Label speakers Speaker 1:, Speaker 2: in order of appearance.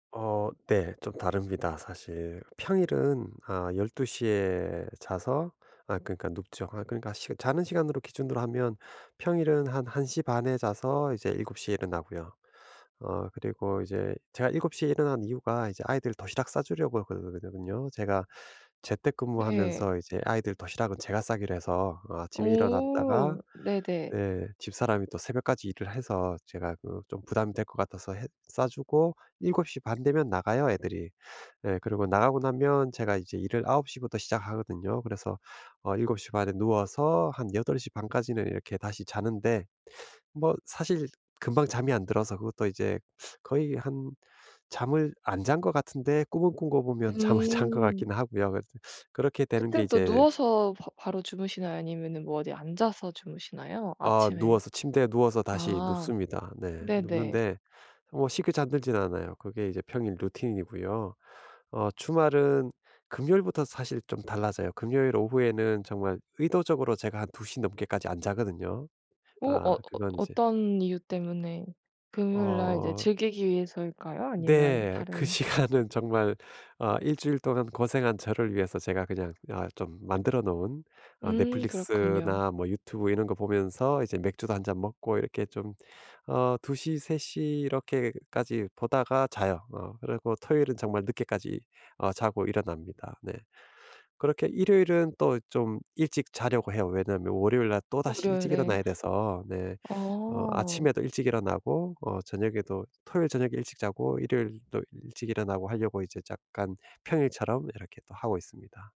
Speaker 1: 어 네. 좀 다릅니다 사실. 평일은 아 12:00 에 자서 아 그러니까 눕죠. 아 그러니까 시 자는 시간으로 기준으로 하면 평일은 한 1:30 에 자서 이제 7:00 에 일어나고요. 어 그리고 이제 제가 7:00 에 일어나는 이유가 이제 아이들 도시락 싸주려고 그러거든요. 제가 재택
Speaker 2: 네.
Speaker 1: 근무하면서 이제 아이들 도시락은 제가 싸기로 해서 어 아침에 일어났다가
Speaker 2: 어. 네네.
Speaker 1: 네. 집사람이 또 새벽까지 일을 해서 제가 그 좀 부담이 될 것 같아서 해 싸주고 7:30 되면 나가요 애들이. 네 그리고 나가고 나면 제가 이제 일을 9:00 부터 시작하거든요. 그래서 어 7:30 에 누워서 한 8:30 까지는 이렇게 다시 자는데 뭐 사실 금방 잠이 안 들어서 그것도 이제 거의 한 잠을 안 잔 것 같은데 꿈을 꾼 거 보면 잠을 잔 것
Speaker 2: 음.
Speaker 1: 같긴 하고요. 그래서 그렇게 되는 게
Speaker 2: 그땐 또
Speaker 1: 이제
Speaker 2: 누워서 바 바로 주무시나요 아니면은 뭐 어디 앉아서 주무시나요.
Speaker 1: 어
Speaker 2: 아침에
Speaker 1: 누워서 침대에 누워서 다시
Speaker 2: 아.
Speaker 1: 눕습니다. 네.
Speaker 2: 네네.
Speaker 1: 눕는데 뭐 쉽게 잠들지는 않아요. 그게 이제 평일 루틴이고요. 어 주말은 금요일부터 사실 좀 달라져요. 금요일 오후에는 정말 의도적으로 제가 한 2:00 넘게까지 안 자거든요.
Speaker 2: 어?
Speaker 1: 아
Speaker 2: 어 어
Speaker 1: 그건 이제
Speaker 2: 어떤 이유 때문에 금요일 날 이제
Speaker 1: 어.
Speaker 2: 즐기기 위해서일까요? 아니면
Speaker 1: 네. 그
Speaker 2: 다른
Speaker 1: 시간은 정말 어 1 주일 동안 고생한 저를 위해서 제가 그냥 아 좀 만들어 놓은 어
Speaker 2: 음. 그렇군요.
Speaker 1: 넷플릭스나 뭐 유튜브 이런 거 보면서 이제 맥주도 1 잔 먹고 이렇게 좀 어 2:00 3:00 이렇게까지 보다가 자요. 어 그리고 토요일은 정말 늦게까지 어 자고 일어납니다. 네. 그렇게 일요일은 또 좀 일찍 자려고 해요. 왜냐면 월요일날 또다시 일찍
Speaker 2: 월요일에
Speaker 1: 일어나야 돼서 네. 어
Speaker 2: 어.
Speaker 1: 아침에도 일찍 일어나고 어 저녁에도 토요일 저녁에 일찍 자고 일요일도 일찍 일어나고 하려고 이제 약간 평일처럼 이렇게 또 하고 있습니다.